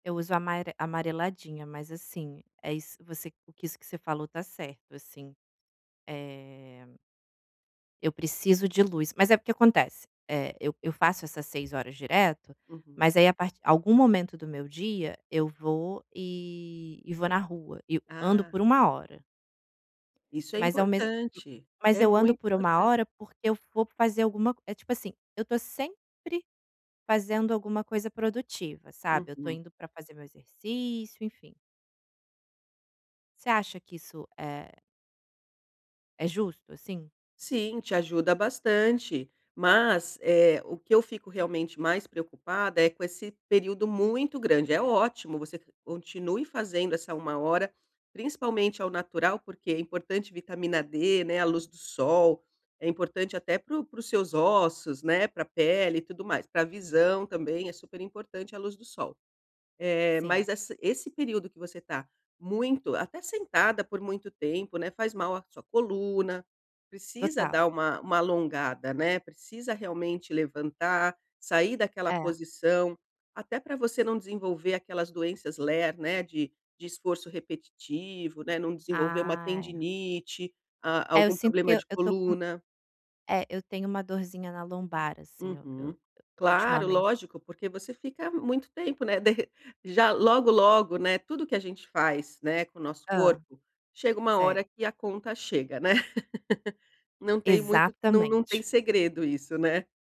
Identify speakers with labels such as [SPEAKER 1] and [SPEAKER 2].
[SPEAKER 1] Eu uso amare amareladinha, mas assim, é isso você o que isso que você falou está certo, assim. É eu preciso de luz, mas é porque acontece, eh, eu eu faço essas 6 horas direto,
[SPEAKER 2] Uhum.
[SPEAKER 1] mas aí a part algum momento do meu dia, eu vou e e vou na rua e eu ando
[SPEAKER 2] Ah.
[SPEAKER 1] por 1 hora.
[SPEAKER 2] Isso é
[SPEAKER 1] Mas ao mesmo
[SPEAKER 2] importante.
[SPEAKER 1] mas
[SPEAKER 2] É
[SPEAKER 1] eu ando
[SPEAKER 2] muito
[SPEAKER 1] por 1
[SPEAKER 2] importante.
[SPEAKER 1] hora, porque eu vou fazer alguma c é tipo assim, eu estou sempre fazendo alguma coisa produtiva, sabe, eu estou
[SPEAKER 2] Uhum.
[SPEAKER 1] indo para fazer meu exercício, enfim. Você acha que isso é é justo, assim?
[SPEAKER 2] Sim, te ajuda bastante. Mas, eh, o que eu fico realmente mais preocupada é com esse período muito grande. É ótimo, você continue fazendo essa 1 hora, principalmente ao natural, porque é importante vitamina D, né, a luz do sol. É importante até para o para os seus ossos, né, para pele e tudo mais. Para visão também, é super importante a luz do sol. Eh, mas
[SPEAKER 1] Sim.
[SPEAKER 2] essa esse período que você está muito até sentada por muito tempo, né, faz mal à sua coluna, precisa
[SPEAKER 1] Total.
[SPEAKER 2] dar uma uma alongada, né, precisa realmente levantar, sair daquela
[SPEAKER 1] É.
[SPEAKER 2] posição, até para você não desenvolver aquelas doenças LER, né, de de esforço repetitivo, né, não desenvolver uma
[SPEAKER 1] Ah, é.
[SPEAKER 2] tendinite, ah,
[SPEAKER 1] É, eu
[SPEAKER 2] algum
[SPEAKER 1] sinto que
[SPEAKER 2] problema
[SPEAKER 1] eu
[SPEAKER 2] de
[SPEAKER 1] eu estou com
[SPEAKER 2] coluna.
[SPEAKER 1] é, eu tenho uma dorzinha na lombar, assim, eu
[SPEAKER 2] Uhum.
[SPEAKER 1] eu
[SPEAKER 2] Claro,
[SPEAKER 1] ultimamente
[SPEAKER 2] lógico, porque você fica muito tempo, né, de re já logo, logo, né, tudo que a gente faz, né, com o nosso
[SPEAKER 1] Hã.
[SPEAKER 2] corpo, chega uma
[SPEAKER 1] Certo.
[SPEAKER 2] hora que a conta chega, né. Não tem muito não não tem
[SPEAKER 1] Exatamente.
[SPEAKER 2] segredo isso, né.